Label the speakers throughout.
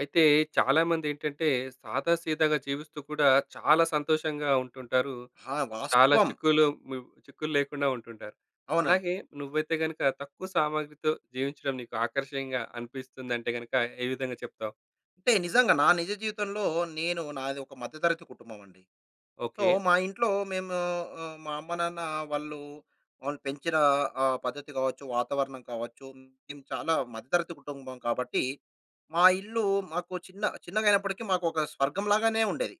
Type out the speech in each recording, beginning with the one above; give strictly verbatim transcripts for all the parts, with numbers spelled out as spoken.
Speaker 1: అయితే చాలామందేంటంటే, సాదాసీదాగా జీవిస్తూ కూడా చాలా సంతోషంగా ఉంటుంటారు.
Speaker 2: ఆ!
Speaker 1: చాలా
Speaker 2: వాస్తవం.
Speaker 1: చిక్కులు ము చిక్కుల్లేకుండా ఉంటుంటారు.
Speaker 2: అవునండి.
Speaker 1: అలాగే నువ్వైతే గనక తక్కువ సామాగ్రితో జీవించడం నీకు ఆకర్షణీయంగా అనిపిస్తుందంటే గనక ఏ విధంగా చెప్తావ్?
Speaker 2: అంటే నిజంగా. నా నిజ జీవితంలో నేను నాది ఒక మధ్యతరగతి కుటుంబం అండి. So,
Speaker 1: okay.
Speaker 2: మా ఇంట్లో మేము ఆహ్, మా అమ్మ-నాన్న వాళ్ళు వాళ్ళు పెంచిన ఆహ్, పద్ధతి కావచ్చు, వాతావరణం కావచ్చు. మేము చాలా మధ్యతరగతి కుటుంబం కాబట్టి మా ఇల్లు మాకు చిన్న చిన్నగైనప్పటికి మాకు ఒక స్వర్గం లాగానే ఉండేది.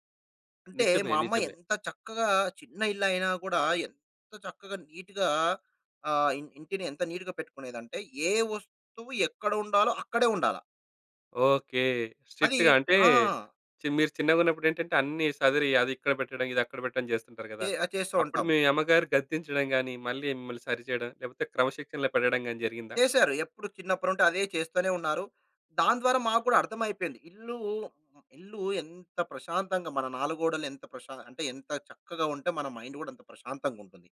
Speaker 2: అంటే
Speaker 1: నిజమే.
Speaker 2: మా అమ్మ
Speaker 1: నిజమే.
Speaker 2: ఎంత చక్కగా చిన్న ఇల్లయినా కూడా ఎంత చక్కగా నీట్‌గా ఆహ్, ఇం ఇంటిని ఎంత నీట్‌గా పెట్టుకునేదంటే ఏ వస్తువు ఎక్కడ ఉండాలో అక్కడే ఉండాల.
Speaker 1: ఓకే.
Speaker 2: అది
Speaker 1: స్ట్రిక్ట్‌గా. అంటే
Speaker 2: ఆ!
Speaker 1: ఛీ మీరు చిన్నగా ఉన్నప్పుడేంటంటే అన్నీ సదిరి అది ఇక్కడ పెట్టడం, ఇది అక్కడ పెట్టడం చేస్తుంటారు
Speaker 2: చే
Speaker 1: గదా!
Speaker 2: ఆ! చేస్తూ
Speaker 1: అప్పుడు
Speaker 2: ఉంటాం.
Speaker 1: మీ అమ్మగారు గద్దించడం గానీ, మళ్ళీ మిమ్మల్ని సరిచేయడం లేకపోతే క్రమశిక్షణలో పెట్టడం గానీ జరిగిందా?
Speaker 2: చేశారు. ఎప్పుడు చిన్నప్పుడుంటే అదే చేస్తూనే ఉన్నారు. దానిద్వారా మాకు గూడా అర్థమైపోయింది. ఇల్లు, ఇల్లు ఎంత ప్రశాంతంగా మన నాలుగోడలు ఎంత ప్రశా అంటే ఎంత చక్కగా ఉంటే మన మైండ్ గూడా అంత ప్రశాంతంగుంటుంది.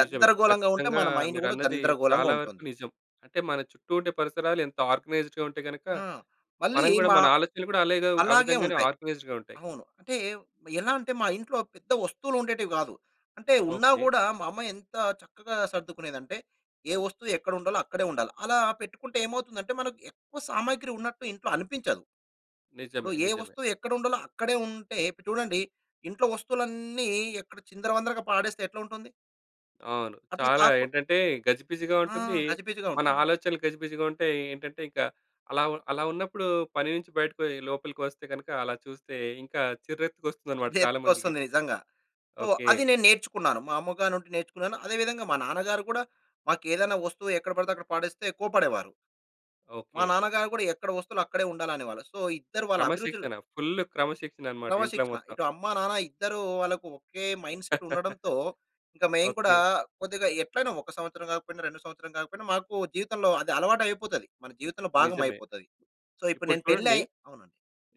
Speaker 1: నిజమే.
Speaker 2: ఉంటే
Speaker 1: ఖచ్చితంగా
Speaker 2: మన మైండ్ గూడా
Speaker 1: మీరన్నది
Speaker 2: గందరగోళంగా
Speaker 1: చాలా వరకు
Speaker 2: ఉంటుంది.
Speaker 1: నిజం. అంటే మన చుట్టూ ఉండే పరిసరాలు ఎంత ఆర్గనైజ్డ్‌గా ఉంటే గనక,
Speaker 2: ఆ! మళ్ళీ
Speaker 1: మనం గూడా
Speaker 2: మా
Speaker 1: మన ఆలోచనలు గూడా అలాగే ఆ
Speaker 2: అలాగే
Speaker 1: విధంగానే
Speaker 2: ఉంటాయి.
Speaker 1: ఆర్గనైజ్డ్‌గా ఉంటాయి.
Speaker 2: అవును. అంటే ఎలా అంటే, మా ఇంట్లో పెద్ద వస్తువులు ఉండేటివి కాదు. అంటే ఉన్నా
Speaker 1: ఓకే.
Speaker 2: గూడా మా అమ్మా ఎంత చక్కగా సర్దుకునేదంటే, ఏ వస్తువు ఎక్కడ ఉండాలో అక్కడే ఉండాలి. అలా పెట్టుకుంటే ఏమవుతుందంటే, మనకు ఎక్కువ సామాగ్రి ఉన్నట్టు ఇంట్లో అనిపించదు. ఇప్పుడు
Speaker 1: నిజమే.
Speaker 2: ఏ
Speaker 1: నిజమే.
Speaker 2: వస్తువు ఎక్కడ ఉండాలో అక్కడే ఉంటే చూడండి. ఇంట్లో వస్తువులన్నీ ఎక్కడ చిందరవందరగా పాడేస్తే ఎట్లా ఉంటుంది?
Speaker 1: అవును.
Speaker 2: అట్లా
Speaker 1: చాలా
Speaker 2: కాకు
Speaker 1: ఏంటంటే, గజిబిజిగా
Speaker 2: ఆ!
Speaker 1: ఉంటుంది.
Speaker 2: గజిబిజిగా
Speaker 1: మన
Speaker 2: ఉంటుందండి.
Speaker 1: ఆలోచనలు గజిబిజిగా ఉంటాయి. ఏంటంటే, ఇంక అలా వ అలా ఉన్నప్పుడు పని నుంచి బయటకొయ్ లోపలికి వస్తే గనక అలా చూస్తే ఇంకా చిర్రెత్తు‌కొస్తుందన్నమాట చాలా మందికి.
Speaker 2: చుర్రెత్తు‌కొస్తుంది నిజంగా. So,
Speaker 1: okay.
Speaker 2: అది నేను నేర్చుకున్నాను. మా అమ్మగారినుండి నేర్చుకున్నాను. అదే విధంగా మా నాన్నగారు కూడా, మా‌కేదైనా వస్తువు ఎక్కడ పడితే అక్కడ పడేస్తే కోప్పడేవారు. మా
Speaker 1: ఓకే.
Speaker 2: నాన్నగారు కూడా, ఎక్కడ వస్తువులు అక్కడే ఉండాలనేవాళ్ళు. సో, ఇద్దరు వాళ్ళ అభిరుచులు
Speaker 1: క్రమశిక్షణ. ఫుల్లు క్రమశిక్షణనమాట ఇంట్లో
Speaker 2: క్రమశిక్షణ.
Speaker 1: మొత్తం.
Speaker 2: ఇటు అమ్మా, నాన్న ఇద్దరు వాళ్ళకు ఒకే మైండ్‌సెట్ ఉండడంతో, ఇంకా మేము కూడా
Speaker 1: ఓకే.
Speaker 2: కొద్దిగా ఎట్లైనా ఒక సంవత్సరం కాకపోయినా, రెండు సంవత్సరాలు కాకపోయినా మాకు జీవితంలో అది అలవాటయిపోతది. మన జీవితంలో భాగం
Speaker 1: నిజమే.
Speaker 2: అయిపోతది. సో, ఇప్పుడు
Speaker 1: ఇప్పుడు
Speaker 2: నేను పెళ్ళై
Speaker 1: చూడండి.
Speaker 2: అవునండి.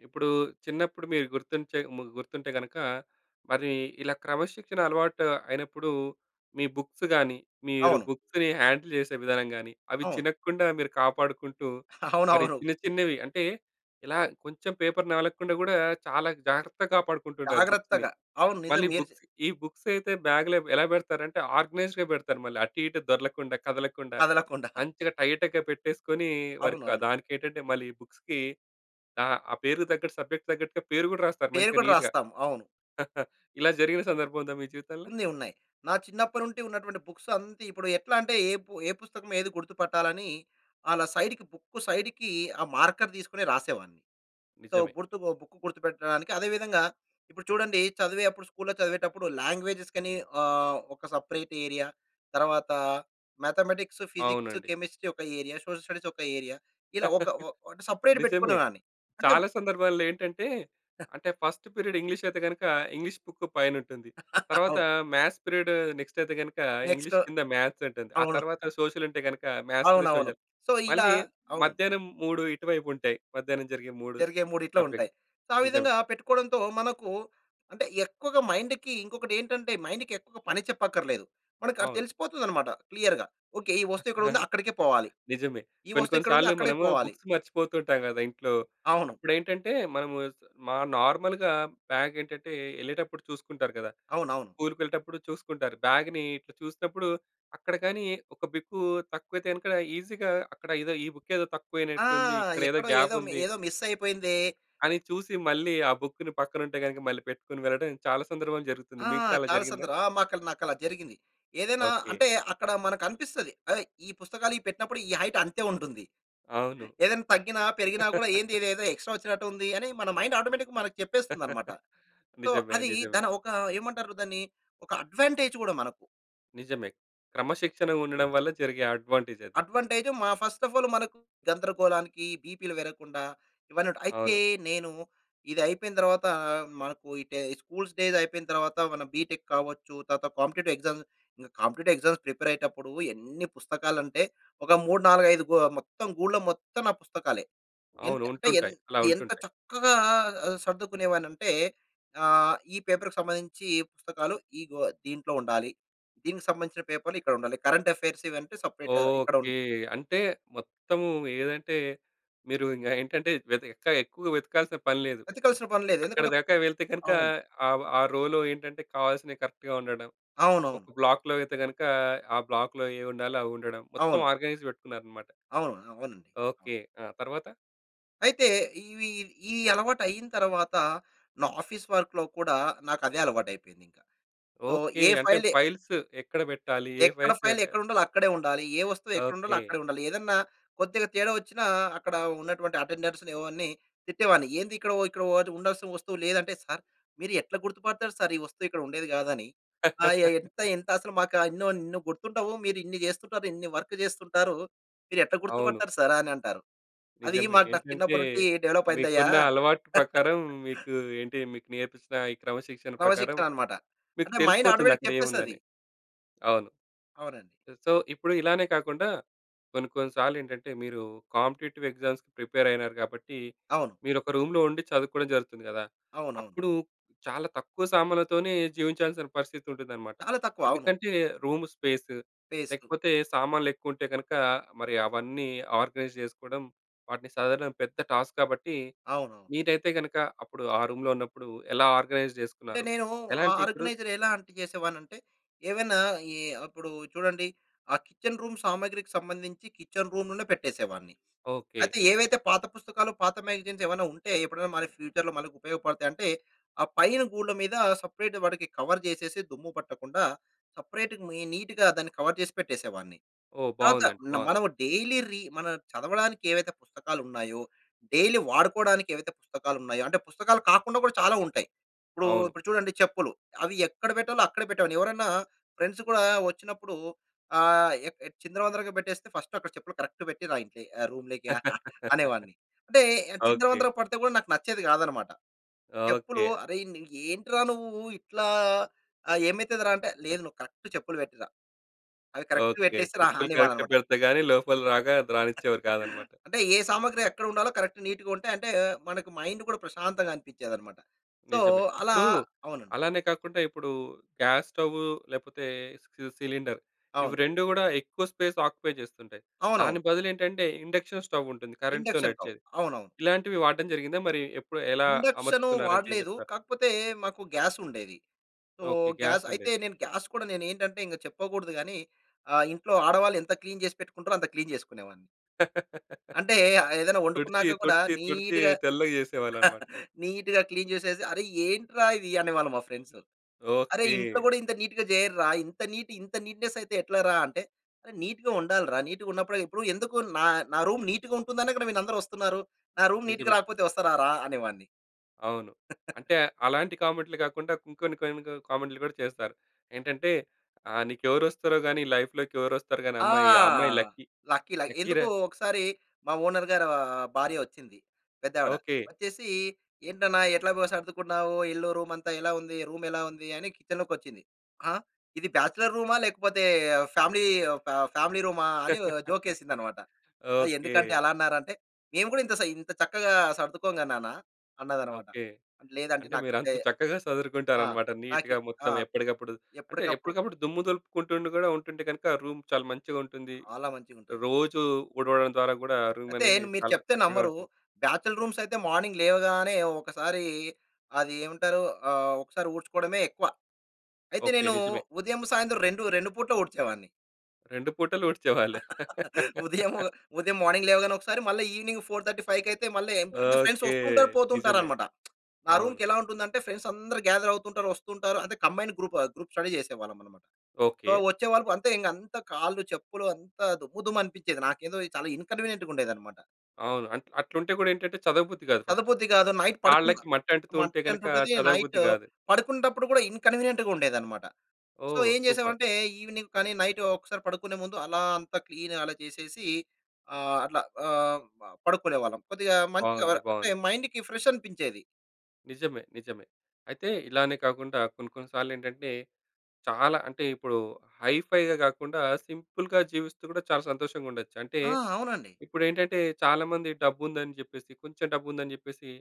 Speaker 1: ఇప్పుడు చిన్నప్పుడు మీరు గుర్తుంచే ము గుర్తుంటే గనుక మరి ఇలా క్రమశిక్షణ అలవాటు అయినప్పుడు మీ బుక్స్ గానీ, మీరు
Speaker 2: అవును.
Speaker 1: బుక్స్‌ని హ్యాండిల్ చేసే విధానం గానీ, అవి
Speaker 2: అవును.
Speaker 1: చినగకుండా మీరు కాపాడుకుంటూ, మరి
Speaker 2: అవునవును.
Speaker 1: చిన్న చిన్నవి అంటే, ఇలా కొంచెం పేపర్ నవలకుండా గూడా, చాలా జాగ్రత్తగా కాపాడుకుంటూ ఉంటారు బుక్స్‌ని.
Speaker 2: జాగ్రత్తగా. అవును. నిజం
Speaker 1: మళ్ళీ
Speaker 2: మీరు చె
Speaker 1: బుక్స్ ఈ బుక్స్ అయితే, బాగ్‌లో ఎలా పెడతారంటే ఆర్గనైజ్డ్‌గా పెడతారు మళ్ళీ. అటు ఇటు దొర్లకుండా, కదలకుండా.
Speaker 2: కదలకుండ.
Speaker 1: మంచిగా టైట్‌గా పెట్టేసుకొని, వర్కా
Speaker 2: అవునవును.
Speaker 1: దానికేంటంటే, మళ్ళీ ఈ బుక్స్‌కి అహా! పేరుకి తగ్గట్టు సబ్జెక్ట్‌కి తగ్గట్టుగా పేరు కూడా రాస్తారు
Speaker 2: పేరు
Speaker 1: మంచిగా
Speaker 2: కూడా
Speaker 1: నీట్‌గా.
Speaker 2: రాస్తాం. అవును.
Speaker 1: ఇలా జరిగిన సందర్భం ఉందా మీ జీవితంలో?
Speaker 2: ఉంది. ఉన్నాయి. నా చిన్నప్పటినుంచి ఉన్నటువంటి బుక్స్ అంత ఇప్పుడు ఎట్లా అంటే, ఏ పు ఏ పుస్తకం ఏది గుర్తుపట్టాలని, అలా సైడ్‌కి, బుక్ సైడ్‌కి ఆ మార్కర్ తీసుకొని రాసేవాడిని. సో,
Speaker 1: నిజమే.
Speaker 2: గుర్తు బొ బుక్ గుర్తుపెట్టడానికి. అదే విధంగా ఇప్పుడు చూడండి, చదివేప్పుడు స్కూల్‌లో చదివేటప్పుడు లాంగ్వేజస్‌కని ఆహ్, ఒక సెపరేట్ ఏరియా. తరువాత మ్యాథమేటిక్స్, ఫిజిక్స్,
Speaker 1: అవునండి.
Speaker 2: కెమిస్ట్రీ ఒక ఏరియా. సోషల్ స్టడీస్ ఒక ఏరియా. ఇలా ఒక ఓ అంటే సెపరేట్
Speaker 1: నిజమే.
Speaker 2: పెట్టుకునేదాన్ని. అంటే
Speaker 1: చాలా సందర్భాల్లో ఏంటంటే, అంటే ఫస్ట్ పీరియడ్ ఇంగ్లీష్ అయితే గనక, ఇంగ్లీష్ బుక్కు పైనుంటుంది. తర్వాత
Speaker 2: అవును.
Speaker 1: మ్యాథ్స్ పీరియడ్ నెక్స్ట్ అయితే గనుక,
Speaker 2: నెక్స్టు
Speaker 1: ఇంగ్లీష్ కింద మ్యాథ్స్ ఉంటుంది. ఆ
Speaker 2: అవును.
Speaker 1: తరువాత సోషల్ ఉంటే గనక, మ్యాథ్స్ కింద
Speaker 2: అవునవును.
Speaker 1: సోషల్.
Speaker 2: సో, ఇలా
Speaker 1: మళ్ళీ
Speaker 2: అవును.
Speaker 1: మధ్యాహ్నం మూడు ఇటువైపు ఉంటాయి. మధ్యాహ్నం జరిగే మూడు
Speaker 2: జరిగే మూడు ఇట్లా ఉంటాయి.
Speaker 1: సబ్జెక్ట్.
Speaker 2: సో, ఆ
Speaker 1: నిజమే.
Speaker 2: విధంగా పెట్టుకోవడంతో మనకు అంటే, ఎక్కువగా మైండ్‌కి ఇంకొకటేంటంటే, మైండ్‌కి ఎక్కువగా పని చెప్పక్కర్లేదు. మనకది
Speaker 1: అవును.
Speaker 2: తెలిసిపోతుందన్నమాట క్లియర్‌గా. ఓకే. ఈ వస్తువు ఇక్కడుంది, అక్కడికే పోవాలి.
Speaker 1: నిజమే.
Speaker 2: ఈ
Speaker 1: కొన్ని,
Speaker 2: వస్తువు
Speaker 1: కొన్ని
Speaker 2: ఇక్కడుంది,
Speaker 1: సార్లు
Speaker 2: అక్కడే
Speaker 1: మనము
Speaker 2: పోవాలి.
Speaker 1: బుక్స్ మర్చిపోతుంటాం కదా ఇంట్లో.
Speaker 2: అవును.
Speaker 1: అప్పుడేంటంటే, మనము మా నార్మల్‌గా బాగేంటంటే, ఎళ్ళేటప్పుడు చూసుకుంటారు కదా!
Speaker 2: అవునవును.
Speaker 1: స్కూల్‌‌కెళ్ళేటప్పుడు చూసుకుంటారు. బాగుని ఇట్లా చూసినప్పుడు అక్కడ గానీ ఒక బిక్కు తక్కువైతే గనక ఈజీగా అక్కడ ఏదో ఈ బు‌క్కేదో
Speaker 2: ఆ!
Speaker 1: తక్కువనట్టుంది, ఇక్కడేదో
Speaker 2: ఎక్కడో ఏదో మి
Speaker 1: గ్యాపుంది...
Speaker 2: ఏదో మిస్ అయిపోయిందే!
Speaker 1: అని చూసి మళ్ళీ, ఆ బుక్కుని పక్కన ఉంటే గనుక మళ్ళీ పెట్టుకొని వెళ్ళడం, చాలా సందర్భంలో జరుగుతుంది.
Speaker 2: ఆ!
Speaker 1: మీకు కూడా అలా
Speaker 2: చాలా
Speaker 1: జరిగిందా?
Speaker 2: సందర్ ఆ! మాకల నాకలా జరిగింది. ఏదైనా
Speaker 1: ఓకే.
Speaker 2: అంటే అక్కడ మనకనిపిస్తది. ఏయ్! ఈ పుస్తకాలు ఇవి పెట్టినప్పుడు ఈ హైట్ అంతే ఉంటుంది.
Speaker 1: అవును.
Speaker 2: ఏదైనా తగ్గిన, పెరిగినా కూడా ఏందిదేదో ఎక్స్ట్రా వచ్చినట్టు ఉంది, అని మన మైండ్ ఆటోమేటిక్‌గా మనకు చెప్పేస్తుందన్నమాట. సో,
Speaker 1: నిజమే.
Speaker 2: అది
Speaker 1: నిజమే.
Speaker 2: దన ఒక ఏమంటారు? దాన్ని ఒక అడ్వాంటేజ్ కూడా మనకు.
Speaker 1: నిజమే. క్రమశిక్షణ ఉండడం వల్ల జరిగే అడ్వాంటేజది.
Speaker 2: అడ్వాంటేజ్ మా ఫస్ట్ అఫ్ ఆల్ మనకు గందరగోళానికి బీపీ‌లు పెరగకుండా, ఇవ‌నుంటాయి. అయితే
Speaker 1: అవును.
Speaker 2: నేను ఇది అయిపోయిన తరువాత మనకు ఈడే ఈ స్కూల్ డేస్ అయిపోయిన తరువాత, మన బిటెక్ కావచ్చు, తర్వాత competitive exams competitive exams prepare అయ్యేటప్పుడు ఎన్ని పుస్తకాలంటే, ఒక మూడు నాలుగు ఐదు గు మొత్తం గూ‌డులో మొత్తం నా పుస్తకాలే.
Speaker 1: అవును.
Speaker 2: ఏంటే అంటే ఏం
Speaker 1: ఉంటుంటాయి. అలా
Speaker 2: ఎంత
Speaker 1: ఉంటుంటాయి.
Speaker 2: చక్కగా సర్దుకునేవాడిని అంటే ఆహ్, ఈ పేపర్‌కీ సంబంధించి పుస్తకాలు, ఇగో దీంట్లో ఉండాలి. దీనికి సంబంధించిన పేపర్లు ఇక్కడ ఉండాలి. కరెంట్ అఫెయిర్స్ ఇవి అంటే సెపరేట్‌ ఇక్కడుం
Speaker 1: ఓకే. అంటే మొత్తము ఏదంటే, మీరు ఇంక ఏంటంటే వెత ఇంకా ఎక్కువగా వెతకాల్సిన పని లేదు.
Speaker 2: వేతకల్సిన పనిలేదు.
Speaker 1: అక్కడి
Speaker 2: ఎందుకంటే
Speaker 1: దాకా వెళితే గనుక
Speaker 2: అవును.
Speaker 1: ఆ! ఆ! రోలో ఏంటంటే, కావాల్సినవి కరెక్ట్‌గా ఉండడం. ఒక
Speaker 2: అవునవును.
Speaker 1: బ్లాక్‌లో అయితే గనుక ఆ! బ్లాక్‌లో ఏ ఉండాలో అవి ఉండడం. మొత్తం
Speaker 2: అవును.
Speaker 1: ఆర్గనైజ్ పెట్టుకున్నారన్నమాట.
Speaker 2: అవును. అవునండి. అవును.
Speaker 1: ఓకే. ఆ! తరువాత?
Speaker 2: అయితే ఇవి ఈ అలవాటైన తరువాత నా ఆఫీస్ వర్క్‌లో కూడా నాకు అదే అలవాటు అయిపోయింది ఇంక. So,
Speaker 1: okay.
Speaker 2: ఏ
Speaker 1: అంటే
Speaker 2: ఫైల్ ఏ
Speaker 1: ఫైల్స్ ఎక్కడ పెట్టాలి ఏ
Speaker 2: ఎక్కడ
Speaker 1: ఫైల్స్
Speaker 2: ఫైల్
Speaker 1: ఏవి
Speaker 2: ఎక్కడ ఉండాలో అక్కడే ఉండాలి. ఏ వస్తువు ఎక్కడ ఉండాలో
Speaker 1: ఓకే.
Speaker 2: అక్కడే ఉండాలి. ఏదన్నా కొద్దిగా తేడా వచ్చిన, అక్కడ ఉన్నటువంటి అటెండర్స్‌ని ఇవన్నీ తిట్టేవాడిని. ఏంది ఇక్కడ, ఇక్కడ ఉండాల్సిన వస్తువు లేదంటే "సారు మీరు ఎట్లా గుర్తుపడతారు సారు ఈ వస్తువు ఇక్కడ ఉండేది కాదని. ఆహ్, ఎ ఎంత ఎంత అసలు మాకు ఎన్నో ఎన్నో గుర్తుండవు మీరు ఇన్ని చేస్తుంటారు ఇన్ని వర్క్ చేస్తుంటారు, మీరు ఎట్లా
Speaker 1: అవును.
Speaker 2: గుర్తుపడతారు సారు" అని అంటారు. అది
Speaker 1: నిజమే.
Speaker 2: మాక్ నాకు
Speaker 1: ఏంటంటే,
Speaker 2: చిన్నప్పటినుంచి డెవలప్ అయిందయ్యా.
Speaker 1: మీకున్న అలవాటు ప్రకారం మీకు ఏంటి మీకు నేర్పించిన ఈ క్రమశిక్షణ
Speaker 2: క్రమ
Speaker 1: ప్రకారం,
Speaker 2: శిక్షణ అన్నమాట.
Speaker 1: మీకు
Speaker 2: అంటే మైండ్
Speaker 1: తెలిసిపోతుంది
Speaker 2: ఆటోమేటిక్
Speaker 1: అక్కడ
Speaker 2: చెప్పేస్తది.
Speaker 1: ఏముందని. అవును.
Speaker 2: అవునండి.
Speaker 1: సో, ఇప్పుడు ఇలానే కాకుండా, కొన్ని కొన్ని సార్లేంటంటే, మీరు కాంపిటీటివ్ ఎగ్జామ్స్‌కీ ప్రిపేర్ అయినారు కాబట్టి
Speaker 2: అవును.
Speaker 1: మీరు ఒక రూమ్‌లో ఉండి చదువుకోవడం జరుగుతుంది కదా!
Speaker 2: అవునవును.
Speaker 1: అప్పుడు చాలా తక్కువ సామానులతోనే జీవించాల్సిన పరిస్థితి ఉంటుందన్నమాట.
Speaker 2: చాలా తక్కువ. అవును.
Speaker 1: ఎందుకంటే, రూమ్ స్పేస్
Speaker 2: ఫేసు.
Speaker 1: లేకపోతే సామాన్లు ఎక్కువ ఉంటే గనక, మరి అవన్నీ ఆర్గనైజ్ చేసుకోవడం వాటిని సదరడం పెద్ద టాస్క్ కాబట్టి
Speaker 2: అవునవును.
Speaker 1: మీరైతే గనక అప్పుడు ఆ రూమ్‌లో ఉన్నప్పుడు ఎలా ఆర్గనైజ్
Speaker 2: అంటే
Speaker 1: చేసుకున్నారు?
Speaker 2: నేను,
Speaker 1: ఎలా
Speaker 2: ఆ!
Speaker 1: అంటే ఇప్పుడు
Speaker 2: ఆర్గనైజర్ ఎలా అంటే చేసేవాడిని అంటే, ఏవైనా ఈ అప్పుడు చూడండి ఆ! కిచెన్ రూమ్ సామాగ్రికి సంబంధించి కిచెన్ రూమ్‌లోనే పెట్టేసేవాడిని.
Speaker 1: ఓకే.
Speaker 2: అయితే ఏవైతే పాత పుస్తకాలు, పాత మాగజైన్స్ ఏమైనా ఉంటే ఎప్పుడైనా మన ఫ్యూచర్‌లో మనకు ఉపయోగపడతాయి అంటే, ఆ పైన గూళ్ల మీద సెపరేట్ వాడికి కవర్ చేసేసి, దుమ్ము పట్టకుండా సెపరేట్‌గా మి నీట్‌గా దాన్ని కవర్ చేసి పెట్టేసేవాడిని.
Speaker 1: ఓహ్!
Speaker 2: తర్వాత
Speaker 1: బావుందండి.
Speaker 2: న
Speaker 1: బావుంది.
Speaker 2: మనం డైలీ రీ మనం చదవడానికి ఏవైతే పుస్తకాలు ఉన్నాయో, డైలీ వాడుకోవడానికి ఏవైతే పుస్తకాలున్నాయో, అంటే పుస్తకాలు కాకుండా కూడా చాలా ఉంటాయి. ఇప్పుడు
Speaker 1: అవును.
Speaker 2: ఇప్పుడు చూడండి చెప్పులు అవి ఎక్కడ పెట్టాలో అక్కడే పెట్టేవాన్ని. ఎవరైనా ఫ్రెండ్స్ కూడా వచ్చినప్పుడు ఆహ్, ఏక్ ఎట్ చిందరవందరగా పెట్టేస్తే ఫస్ట్ అక్కడ చెప్పులు కరెక్ట్ పెట్టి రా ఇంట్లోకి రూమ్‌లోకి అనేవాడిని. అంటే ఆహ్,
Speaker 1: ఓకే.
Speaker 2: చిందరవందర పడితే కూడా నాకు నచ్చేది కాదన్నమాట. చెప్పులు
Speaker 1: ఓకే.
Speaker 2: "అరేయ్‌! నీ ఏంట్రా నువ్వు ఇట్లా ఆ ఏమైతదిరా" అంటే లేదు నువ్వు కరెక్ట్ చెప్పులు పెట్టిరా. అవి కరెక్ట్‌గా
Speaker 1: ఓకే.
Speaker 2: పెట్టేసి రా
Speaker 1: చెప్పులు కరెక్ట్‌గా
Speaker 2: అనేవాన్ననమాట.
Speaker 1: పెడితే గాని లోపల రాక రానిచ్చేవారు కాదనమాట.
Speaker 2: అంటే ఏ సామాగ్రి ఎక్కడ ఉండాలో కరెక్ట్ నీట్‌గా ఉంటే అంటే మన‌కు మైండ్ కూడా ప్రశాంతంగా అనిపించేదనమాట. సో,
Speaker 1: నిజమే.
Speaker 2: అలా
Speaker 1: ఇప్పుడు
Speaker 2: అవునండి.
Speaker 1: అలానే కాకుండా ఇప్పుడు గ్యాస్‌స్టవ్వు లేపోతే సి సిలిండర్ ఇవి
Speaker 2: అవును.
Speaker 1: రెండు గూడా ఎక్కువ స్పేస్ ఆక్యుపై చేస్తుంటాయి.
Speaker 2: అవునవును.
Speaker 1: దాని బదులు ఏంటంటే, ఇండక్షన్ స్టోవ్ ఉంటుంది కరెంట్‌తో
Speaker 2: ఇండక్షన్ టౌవ్
Speaker 1: నడిచేది.
Speaker 2: అవునవును.
Speaker 1: ఇలాంటివి వాడటం జరిగిందా మరి ఎప్పుడు ఎలా
Speaker 2: ఇండక్షను
Speaker 1: అమర్చుకున్నారంటే ఏం
Speaker 2: వాడలేదు.
Speaker 1: చెప్తారు?
Speaker 2: కాకపోతే మాకు గ్యాసుండేది. So,
Speaker 1: okay.
Speaker 2: గ్యాస్ అయితే
Speaker 1: గ్యాసుండేది.
Speaker 2: నేను గ్యాస్ కూడా నేను ఏంటంటే, ఇంక చెప్పకూడదు గాని ఆహ్, ఇంట్లో ఆడవాళ్ళు ఎంత క్లీన్ చేసి పెట్టుకుంటారో అంత క్లీన్ చేసుకునేవాడిని. అంటే ఆహ్, ఏదైనా
Speaker 1: తుడిచి,
Speaker 2: వండుకున్నాక కూడా
Speaker 1: తుడిచి, తుడిచి
Speaker 2: నీట్‌గా
Speaker 1: తెల్లగ చేసేవాళ్ళనమాట.
Speaker 2: నీట్‌గా క్లీన్ చేసేసి, "అరె ఏంట్రా ఇది" అనేవాళ్ళు మా ఫ్రెండ్స్. "అరె ఇంట్లో
Speaker 1: ఓకె.
Speaker 2: కూడా ఇంత నీట్‌గా చేయర్రా, ఇంత నీట్ ఇంత నీట్‌నెస్ అయితే ఎట్లరా" అంటే నీట్‌గా ఉండాలిరా నీట్‌గా ఉన్నప్పుడే ఇప్పుడు ఎందుకు నా నా రూమ్ నీట్‌గా ఉంటుందనే కదా మీరందరూ వస్తున్నారు. నా రూమ్ నీట్‌గా
Speaker 1: నిజమే.
Speaker 2: రాకపోతే వస్తరారా అనేవాడిని.
Speaker 1: అవును. అంటే అలాంటి కామెంట్లు కాకుండా ఇంకొన్ని కొన్ని కామెంట్లు కూడా చేస్తారు. ఏంటంటే ఆహ్, నీకెవరొస్తారో గాని, లైఫ్‌లోకి ఎవరొస్తారో గాని ఆ
Speaker 2: ఆ!
Speaker 1: అమ్మాయి ఆ అమ్మాయి లక్కీ.
Speaker 2: లక్కీ ల
Speaker 1: లక్కీరా.
Speaker 2: ఎందుకు ఒకసారి మా ఓనర్ గారి ఆహ్, భార్య వచ్చింది. పెద్దావిడ,
Speaker 1: ఓకె.
Speaker 2: వచ్చేసి "ఏంటన్న ఎట్లాగ సర్దుకున్నావు ఇల్లు రూమంతా ఎలా ఉంది రూమెలా ఉంది?" అని కిచెన్‌లోకి వచ్చింది. "ఆ! ఇది బ్యాచిలర్ రూమా? లేకపోతే ఫ్యామిలీ ఒక ఫ్యామిలీ రూమా?" అని జోకేసిందన్నమాట. ఆహ్,
Speaker 1: ఓకె.
Speaker 2: ఎందుకాంటీ అలా అన్నారంటే, "మేము కూడా ఇంత‌ సై ఇంత చక్కగా సర్దుకోంగా నాన్న" అన్నదన్నమాట.
Speaker 1: ఓకె.
Speaker 2: లేదు ఆంటీ
Speaker 1: అంటే మీరంత
Speaker 2: నాకిదే,
Speaker 1: చక్కగా
Speaker 2: ఆ!
Speaker 1: సదురుకుంటారన్నమాట
Speaker 2: నాకి
Speaker 1: నీట్‌గా
Speaker 2: ఆ!
Speaker 1: మొత్తం ఎప్పటికప్పుడు అంటే
Speaker 2: ఎప్పటికప్పుడు.
Speaker 1: ఎప్పటికప్పుడు దుమ్ము దులుపుకుంటూ ఉంటే గూడా ఉంటుంటే గనక రూమ్ చాలా మంచిగా ఉంటుంది.
Speaker 2: చాలా మంచిగుంటది.
Speaker 1: రోజు ఊడవడం ద్వారా కూడా రూమ్
Speaker 2: అయితే
Speaker 1: అనేది
Speaker 2: మీరు
Speaker 1: చాలా
Speaker 2: చెప్తే
Speaker 1: చక్కగా
Speaker 2: నమ్మరు.
Speaker 1: ఉంటుంది.
Speaker 2: బ్యాచిలర్ రూమ్స్ అయితే మార్నింగ్ లేవగానే ఒకసారి అది ఏమంటారు ఆ ఒకసారి ఊడ్చుకోవడమే ఎక్కువ. అయితే
Speaker 1: ఓకె.
Speaker 2: నేను
Speaker 1: నిజమే.
Speaker 2: ఉదయం, సాయంత్రం రెండు రెండు పూటల ఊడ్చేవాడిని.
Speaker 1: రెండు పూటలూడ్చేవాళ్ళు.
Speaker 2: ఉదయము ఉదయం మార్నింగ్ లేవగానే ఒకసారి మళ్ళీ ఈవినింగ్ ఫోర్ థర్టీ ఫైవ్‌కి అయితే మళ్ళీ ఎంప్ అంటే, ఫ్రెండ్స్
Speaker 1: ఓకే.
Speaker 2: వస్తుంటారు
Speaker 1: నిజమే.
Speaker 2: పోతుంటారన్నమాట. నా
Speaker 1: అవును.
Speaker 2: రూమ్‌కెలా ఉంటుందంటే, ఫ్రెండ్స్ అందరూ గ్యాదర్ అవుతుంటారు. వస్తుంటారు అంటే కంబైన్డ్ గ్రూప్ గ్రూప్ స్టడీ చేసేవాళ్ళమన్నమాట. So
Speaker 1: okay.
Speaker 2: వచ్చేవాళ్ళు అంతే ఇంక అంతా కాళ్ళు చెప్పులు అంతా దుమ్ము దుమ్ము అనిపించేది. నాకేందో చాలా ఇన్కన్వీనియంట్‌గా ఉండేదన్నమాట.
Speaker 1: అవును. అంట్ అట్లుంటే గూడా ఏంటంటే చదవబుద్ధి గాదు ఫస్ట్.
Speaker 2: చదవబుద్ధి గాదు. నైట్ పడుకున్న
Speaker 1: కాళ్ళకి మట్టి అంటుతూ ఉంటే
Speaker 2: మట్టి
Speaker 1: గనక
Speaker 2: అంటుతది నైట్
Speaker 1: చదవబుద్ధి గాదు.
Speaker 2: పడుకుంటప్పుడు కూడా ఇన్కన్వీనియంట్‌గా ఉండేదన్నమాట. సో
Speaker 1: ఓహ్!
Speaker 2: ఏం
Speaker 1: సూపర్!
Speaker 2: చేసామంటే, ఈవినింగ్ కానీ నైట్ ఒకసారి పడుకునే ముందు అలా అంత క్లీన్ అలా చేసేసి ఆహ్, అట్లా ఆహ్, ప పడుకునేవాళ్ళం. కొద్దిగా మంచిగా
Speaker 1: బావుంది.
Speaker 2: అంటే
Speaker 1: బావుంది.
Speaker 2: మైండ్‌కి ఫ్రెష్ అనిపించేది.
Speaker 1: నిజమే. నిజమే. అయితే ఇలానే కాకుండా. కొన్ని కొన్ని సార్లేంటంటే చాలా అంటే ఇప్పుడు హై ఫై‌గా గాకుండా సింపుల్‌గా జీవిస్తూ గూడా చాలా సంతోషంగా ఉండొచ్చు. అంటే
Speaker 2: ఆ! అవునండి.
Speaker 1: ఇప్పుడేంటంటే చాలా మంది డబ్బుందని జెప్పేసి కొంచెం డబ్బుందని జెప్పేసి.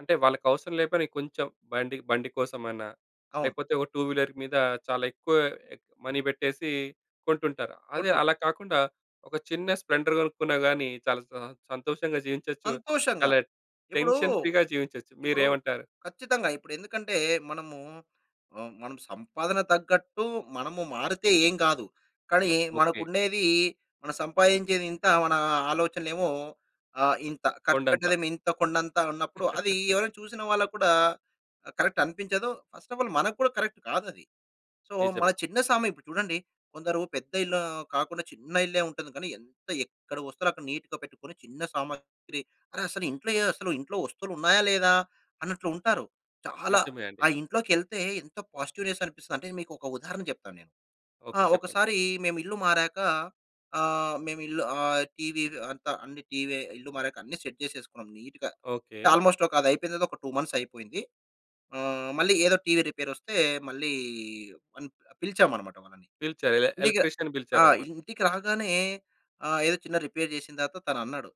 Speaker 1: అంటే వాళ్ళకి అవసరం లేకపోయినా కొంచెం బండి బండి కోసమైనా
Speaker 2: అవును.
Speaker 1: లేకపోతే ఒక టూ వీలర్ మీద చాలా ఎక్కువ మనీ పెట్టేసి కొంటుంటారు. అదే
Speaker 2: కొట్టు ఉంటుంది.
Speaker 1: అలా కాకుండా ఒక చిన్న స్ల్పెండర్‌ గొనుక్కున్న గాని చాలా స సంతోషంగా జీవించొచ్చు.
Speaker 2: సంతోషంగా.
Speaker 1: అలా
Speaker 2: ఇప్పుడూ
Speaker 1: టెన్షన్ ఫ్రీ‌గా జీవించొచ్చు.
Speaker 2: ఇప్పుడు
Speaker 1: మీరేమంటారు?
Speaker 2: ఖచ్చితంగా. ఇప్పుడెందుకంటే మనము ఆహ్, మనము సంపాదన తగ్గట్టు మనము మారితే ఏం గాదు. కానీ
Speaker 1: ఓకే.
Speaker 2: మనకుండేది మనం సంపాయించేది ఇంత. మన ఆలోచనలేమో ఆహ్, ఇంత
Speaker 1: కొండంత.
Speaker 2: ఖర్చుపెట్టేదేమో ఇంత కొండంత, అన్నప్పుడు అది ఎవరైనా చూసిన వాళ్ళకి కూడా కరెక్ట్ అనిపించదు. ఫస్ట్ ఆఫ్ ఆల్ మనకు కూడా కరెక్ట్ కాదది. సో మన
Speaker 1: నిజమే.
Speaker 2: చిన్న సామా ఇప్పుడు చూడండి. కొందరు పెద్ద ఇల్లు కాకుండా చిన్న ఇల్లే ఉంటుంది. కానీ ఎంత ఎక్కడ వస్తువాలక్కడ నీట్‌గా పెట్టుకొని, చిన్న సామాగ్రి అరె! అసలు ఇంట్లో ఏ అసలు ఇంట్లో వస్తువులున్నాయా? లేదా? అన్నట్లు ఉంటారు. చాలా
Speaker 1: నిజమే అండి.
Speaker 2: ఆ ఇంట్లో‌కేళ్తే ఎంత పాజిటివ్‌నెస్ అనిపిస్తదంటే, మీకు ఒక ఉదాహరణ చెప్తాను నేను. ఆ!
Speaker 1: ఓకే. చెప్పండి.
Speaker 2: ఒకసారి మేము ఇల్లు మారాక ఆహ్, మేమిల్లు ఆహ్, టీవీ అంతా అన్ని టీవీ ఇల్లు మారాక అన్ని సెట్ చేసేసుకున్నాం నీట్‌గా.
Speaker 1: ఓకే.
Speaker 2: అంటే ఆల్మోస్ట్ ఒక అది అయిపోయిన తర్వాత ఒక టూ మంత్స్ అయిపోయింది. ఆహ్, మళ్ళీ ఏదో టీవీ రిపేర్ వస్తే మళ్ళీ వన్ పిలిచామన్నమాట వాళ్ళని.
Speaker 1: పిలిచారు. ఎల
Speaker 2: ఇల్లీగ
Speaker 1: ఎలక్ట్రీషియన్‌ని
Speaker 2: ఆ!
Speaker 1: పిలిచారన్నమాట.
Speaker 2: ఇంటికి రాగానే ఆహ్, ఏదో చిన్న రిపేర్ జేసిన తరువాత తనన్నాడు.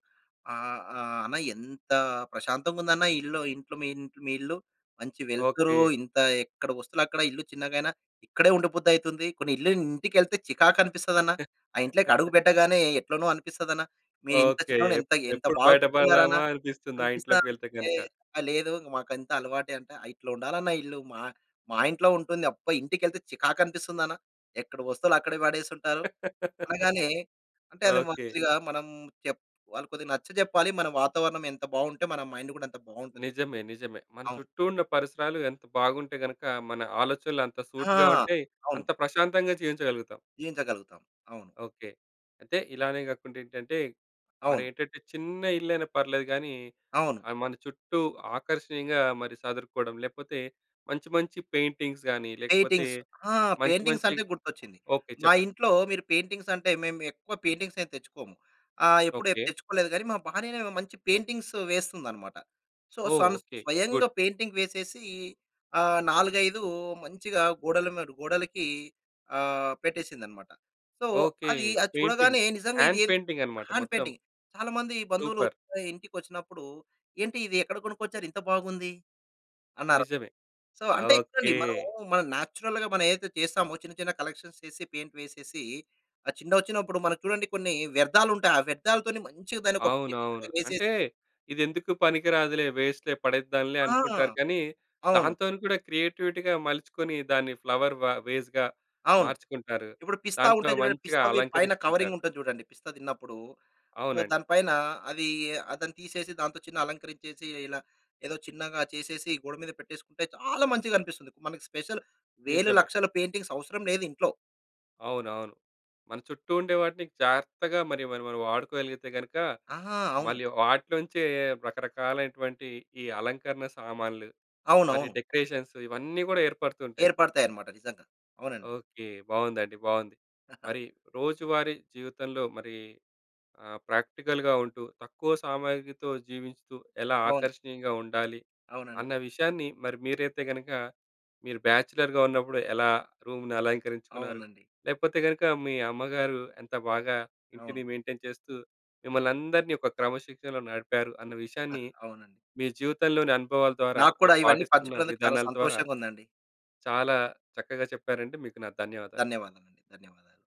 Speaker 2: ఆహ్, ఆహ్, "అన్న ఎంత ప్రశాంతంగుందన్న ఇల్లు ఇంట్లో మీ ఇంట్ మీ ఇల్లు. మంచి వెల్తురు
Speaker 1: ఓకే.
Speaker 2: ఇంత ఎక్కడ వస్తువులక్కడ ఇల్లు చిన్నగైనా ఇక్కడే ఉండ బుద్ధయితుంది. కొన్ని ఇల్లు ఇంటికెళ్తే చికాకనిపిస్తదన్న ఆ ఇంట్లోకడుగు పెట్టగానే ఎట్లనో అనిపిస్తదన. మీరు ఇంత
Speaker 1: ఓకే.
Speaker 2: చిన్నగున్నా
Speaker 1: ఎప్
Speaker 2: ఎంత ఎంత
Speaker 1: ఎప్పుడు
Speaker 2: బాగా
Speaker 1: బయట
Speaker 2: పెట్టుకున్నారన.
Speaker 1: పడదామా అనిపిస్తుంది. ఆ
Speaker 2: అనిపిస్తా"
Speaker 1: ఇంట్లోకి వెళ్తే
Speaker 2: అంటే
Speaker 1: గనుక.
Speaker 2: ఆ! లేదు మాకుంతా అలవాటే అంటే. "ఇట్లా ఉండాలన్న ఇల్లు మా మా ఇంట్లో ఉంటుంది. అబ్బా! ఇంటికెళ్తే చికాకనిపిస్తుందన. ఎక్కడ వస్తువులు అక్కడే వాడేసుంటారు" అనగానే. అంటే అది మ
Speaker 1: ఓకే.
Speaker 2: కొద్దిగా మనం చెప్ వాళ్ళకి కొద్దిగా నచ్చజెప్పాలి. మన వాతావరణం ఎంత బావుంటే మన మైండ్ గూడా అంత బావుంటుంది.
Speaker 1: నిజమే నిజమే. మన
Speaker 2: అవును.
Speaker 1: చుట్టూ ఉన్న పరిసరాలు ఎంత బాగుంటే గనక మన ఆలోచనలు అంత
Speaker 2: ఆ!
Speaker 1: సూటిగా ఉంటయి.
Speaker 2: అవును.
Speaker 1: అంత ప్రశాంతంగా జీవించగలుగుతాం.
Speaker 2: జీవించగలుగుతాం. అవును.
Speaker 1: ఓకే. అయితే ఇలానే కాకుండా ఏంటంటే, మరి
Speaker 2: అవును.
Speaker 1: ఏంటంటే చిన్న ఇల్లైనా పర్లేదు గాని,
Speaker 2: అవును.
Speaker 1: ఆహ్, మన చుట్టూ ఆకర్షణీయంగా మరి సదురుకోవడం లేకపోతే మంచి మంచి పెయింటింగ్స్ గాని, లేకపోతే
Speaker 2: పెయింటింగ్స్ ఆ!
Speaker 1: మంచి
Speaker 2: పెయింటింగ్స్
Speaker 1: మంచి
Speaker 2: అంటే గుర్తొచ్చింది.
Speaker 1: ఓకే.
Speaker 2: మా
Speaker 1: చెప్పండి.
Speaker 2: ఇంట్లో మీరు పెయింటింగ్స్ అంటే మేము ఎక్కువ పెయింటింగ్స్ ఏం తెచ్చుకోము. ఆహ్, ఎప్పుడు ఏం
Speaker 1: ఓకే.
Speaker 2: తెచ్చుకోలేదు గాని మా భార్యనే మంచి పెయింటింగ్స్ వేస్తుందన్నమాట. సో
Speaker 1: ఓహ్!
Speaker 2: స‌న్
Speaker 1: ఓకే. గుడ్.
Speaker 2: స్వయంగా పెయింటింగ్ వేసేసి ఆ నాలుగైదు మంచిగా గోడల మడ్ గోడలకి ఆహ్, పెట్టేశిందన్నమాట. So
Speaker 1: okay.
Speaker 2: అది అది
Speaker 1: పెయింటింగ్.
Speaker 2: చూడగానే నిజంగా ఇది
Speaker 1: హ్యాండ్
Speaker 2: ఏం
Speaker 1: పెయింటింగ్ అన్నమాట
Speaker 2: హ్యాండ్
Speaker 1: మొత్తం.
Speaker 2: పెయింటింగ్. చాలా మంది బంధువులు
Speaker 1: సూపర్!
Speaker 2: ఇంటికొచ్చినప్పుడూ "ఏంటి? ఇది ఎక్కడ కొనుకొచ్చారు? ఇంత బాగుంది." అన్నారు.
Speaker 1: నిజమే.
Speaker 2: సో అంటే చూడండి
Speaker 1: ఓకే!
Speaker 2: మనమూ మనం నేచురల్‌గా మనం ఏదైతే చేస్తామో ఆ చిన్న చిన్న కలెక్షన్స్ చేసి, పెయింట్ వేసేసి, ఆ చిన్న వచ్చినప్పుడు మనం చూడండి కొన్ని వ్యర్థాలుంటాయి. ఆ వ్యర్థాలతోని మంచిగా దాన్ని ఒక పెయింట్‌గ్‌లాగా
Speaker 1: అవునవును.
Speaker 2: వేసేసి
Speaker 1: అంటే ఇది ఎందుకు పనికిరాదులే వేస్ట్‌లే పడేద్దాంలే
Speaker 2: ఆ!
Speaker 1: అనుకుంటారు కానీ
Speaker 2: అవును.
Speaker 1: దాంతోని కూడా క్రియేటివిటీ‌గా మలుచుకొని, దాన్ని ఫ్లవర్ వ వేస్‌గా
Speaker 2: అవును.
Speaker 1: మార్చుకుంటారు.
Speaker 2: ఇప్పుడు పిస్తా
Speaker 1: దాంట్లో
Speaker 2: ఉంటాయి జూడండి.
Speaker 1: మంచిగా
Speaker 2: పిస్తా‌వి పైన కవరింగ్
Speaker 1: అలంకరిచ్చుకుంటారు.
Speaker 2: ఉంటది జూడండి. పిస్తా తిన్నప్పుడు. సో
Speaker 1: అవునండి.
Speaker 2: దాని పైన అది ఆ తీసేసి దానితో అలంకరించేసి ఇలా ఏదో చిన్నగా చేసేసి గోడ మీద పెట్టేసుకుంటే చాలా మంచిగనిపిస్తుంది. మనకి స్పెషల్ వేలు,
Speaker 1: నిజమే.
Speaker 2: లక్షల పెయింటింగ్స్ అవసరం లేదింట్లో.
Speaker 1: అవునవును. మన చుట్టూ ఉండే వాటిని జాగ్రత్తగా మరి మరి మనం వాడుకోగలిగితే గనుక
Speaker 2: ఆహా! అవును.
Speaker 1: మళ్ళీ వాటిలోంచే రకరకాలైనటువంటి ఈ అలంకరణ సామాన్లు మరియు
Speaker 2: అవునవును.
Speaker 1: డెకరేషన్స్ ఇవన్నీ గూడా ఏర్పడుతూంటాయి.
Speaker 2: ఏర్పడతాయన్నమాట. నిజంగా అవునండి.
Speaker 1: ఓకే. బావుందండి. బావుంది. మరి రోజువారీ జీవితంలో మరి ఆహ్, ప్రాక్టికల్‌గా ఉంటూ తక్కువ సామాగ్రితో జీవించుతూ ఎలా
Speaker 2: బావుంది.
Speaker 1: ఆకర్షణీయంగా ఉండాలి,
Speaker 2: అవునండి.
Speaker 1: అన్న విషయాన్ని మరి మీరైతే గనక మీరు బ్యాచలర్‌‌గా ఉన్నప్పుడు ఎలా రూమ్‌ని అలంకరించుకున్నారు.
Speaker 2: అవునండి.
Speaker 1: లేకపోతే గనుక మీ అమ్మగారు ఎంత బాగా
Speaker 2: అవును.
Speaker 1: ఇంటిని మెయింటెయిన్ చేస్తూ మిమ్మల్నందరిని ఒక క్రమశిక్షణలో నడిపారు అన్న విషయాన్ని,
Speaker 2: అవునండి.
Speaker 1: మీ జీవితంలోని అనుభవాల ద్వారా
Speaker 2: నాకు కూడా
Speaker 1: మీరు
Speaker 2: ఇవన్నీ
Speaker 1: పాటిస్తున్న
Speaker 2: పంచుకున్నందుకు చాలా
Speaker 1: విధానాల ద్వారా
Speaker 2: సంతోషంగా ఉందండి.
Speaker 1: చాలా చక్కగా చెప్పారండి. మీకు నా ధన్యవాదాలు.
Speaker 2: ధన్యవాదాలండి. ధన్యవాదాలు.